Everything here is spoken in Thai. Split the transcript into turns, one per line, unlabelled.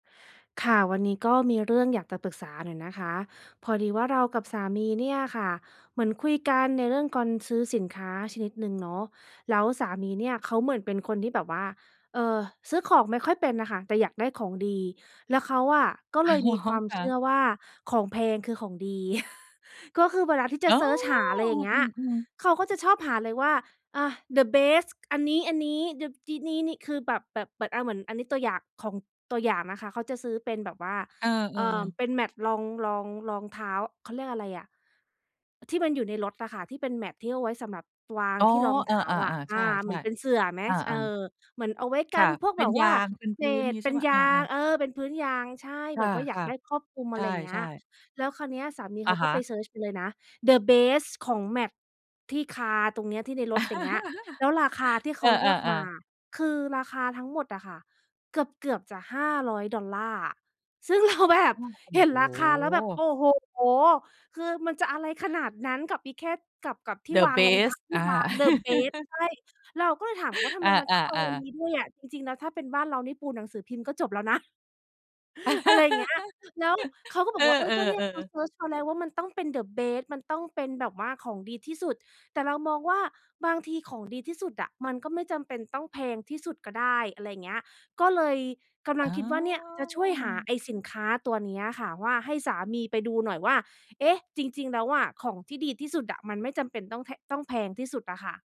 ค่ะ วันนี้ก็มีเรื่องอยากจะปรึกษาหน่อยนะคะ พอดีว่าเรากับสามีเนี่ยค่ะ เหมือนคุยกันในเรื่องการ ซื้อสินค้าชนิดหนึ่งเนาะ แล้วสามีเนี่ยเขาเหมือนเป็นคนที่แบบว่า เอ่อ ซื้อของไม่ค่อยเป็นอะค่ะ แต่อยากได้ของดี แล้วเขาอะ ก็
อ๋
เ
อ
ลยมีความ
ค่
เชื่
ะ
อว่าของแพงคือของดี ก็คือเวลาที่จ
อ
ะ
๋อ
เซิร์ชหา อะไรอย่างเงี
อ
้ย
ืม ๆ
เขาก็จะชอบหาเลยว่า อ่า the best อันนี้ อันนี้ เดอะ ดี นี้ นี้ คือแบบ แบบ อา เหมือนอันนี้ตัวอย่าง ของตัวอย่างนะคะ เขาจะซื้อเป็นแบบว่า
เออ
เอ่อ
ๆ
เป็น mat รอง รอง รองเท้า เขาเรียกอะไรอะ ที่มันอยู่ในรถอะค่ะ ที่เป็น mat ที่เอาไว้สำหรับวาง
อ๋อ
ที่รองเ
อ
ท้า
า
อะ
ๆ ๆ ใ
อ
ช่
า เหมือนเป็นเส
ๆ
ื่อไหม
อ
ส เอ
า ๆ
อ เหมือนเอาไว้
ค
กั
่ะ
นพวก
เป็
แบ
น
บ
ย
ว่
า
า
งเป็น
เ
พ
ศ
ื้นอย่า
ษ
งงี้
เป
ใช
็
่
น
เปล่า
ย
เอ
า
อ
ง
ๆ
เออ เป็นพื้นยาง ใช่
ค
แบ
่
บว่าอยาก
ะ
ได้ครอบคลุม
ๆ ใ
อะไรเงี้
ช่
ย
ๆ
แล้วคราวเนี้ยสามีเ
อ
ข
ะ
า
ฮ
ก็
ะ
ไปเซิร์ชเลยนะ the best ของ mat ที่ car ตรงเนี้ย ที่ในรถอย่างเงี้ย แล้วราคาที่เข
เอ
าเลือก
อ
มา
ๆ ๆ
คือราคาทั้งหมดอะค่ะ เกือบ เกือบจะ $500 อะ ซึ่ง เรา แบบ
โอ้
เห็น
โ
ราคาแล้วแบบ โอ
ฮ
้โฮ คือมันจะอะไรขนาดนั้นกับอีแค่ กับ กับที่
the
วางรองเท้า
best
ที
อ
่
า
วาง the best ใช่ เราก็เลยถามว่า ทำ
อ
ไมมันต้องเอา
า
อัน
ๆ
น
ๆ
ี้ด้วยอะ จริง ๆ แล้วถ้าเป็นบ้านเรานี่ปูหนังสือพิมพ์ก็จบแล้ว นะ อะไรเงี้ย แล้วเขาก็บ
เอ
อกว่า เฮ้ย ก็เนี่ยเข
อ
า
ๆ ๆ
เซิร์ชมาแล้วว่า มันต้องเป็น the best มันต้องเป็นแบบว่าของดีที่สุด แต่เรามองว่า บางทีของดีที่สุดอะมันก็ไม่จำเป็นต้องแพงที่สุดก็ได้ อะไรเงี้ย ก็เลยกำล
อ
ัง
๋อ
คิดว่า เนี่ยจะช่วยหาไอ้สินค้าตัวเนี้ยค่ะว่า ให้สามีไปดูหน่อยว่า เอ๊ะ จริง ๆ แล้วอะ ของที่ดีที่สุดอะมันไม่จำเป็นต้องแพ ต้องแพงที่สุดอะค่ะ